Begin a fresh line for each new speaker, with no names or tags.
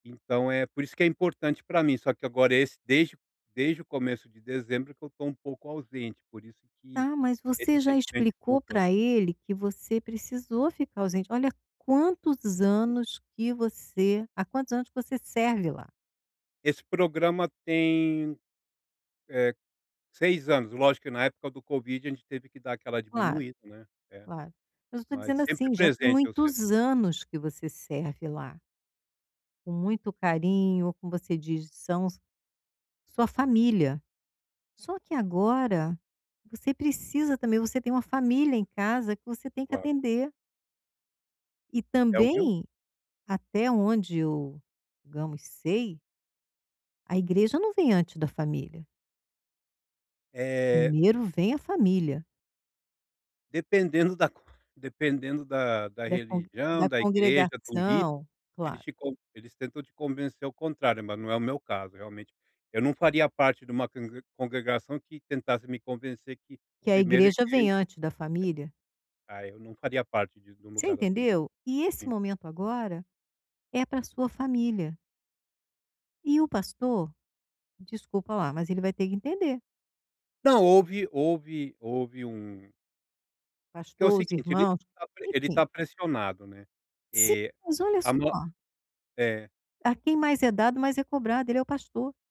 Então é por isso que é importante para mim, só que agora esse desde desde o começo de dezembro é que eu estou um pouco ausente, por isso que
Tá, mas
esse
você já
sentimento de
explicou
culpa
para ele que você precisou ficar ausente, olha quantos anos que você há quantos anos que você serve lá.
Esse programa tem, eh, 6 anos, lógico que na época do covid a gente teve que dar aquela
Claro,
diminuída, né, é,
claro, mas eu estou
mas
dizendo
sempre
assim, já tem
presente, eu
muitos
sempre
anos que você serve lá. Com muito carinho, como você diz são a sua família, só que agora você precisa também, você tem uma família em casa que você tem que
Claro.
atender. E
É o meu
também até onde eu, digamos, sei a igreja não vem antes da família.
É.
Primeiro vem a família.
Dependendo da dependendo da da
Da congre
religião,
da
da igreja, do lider,
congregação,
eles
claro.
ficam eles tentam te convencer ao contrário, mas não é o meu caso realmente. Eu não faria parte de uma congre congregação que tentasse me convencer que
Que a
primeiro a
igreja vem
igreja,
antes da família.
é, aí eu não faria parte de de um
Você
lugar assim.
entendeu, e esse
Sim.
momento agora é para sua família. E o pastor, desculpa lá, mas ele vai ter que entender.
Não houve houve houve um Que é o
Pastor, os
seguinte, a gente
irmãos,
está ele
enfim.
está pressionado,
Sim,
eh,
mas olha
a
só
no é.
a quem mais é dado mais é cobrado, ele é o pastor.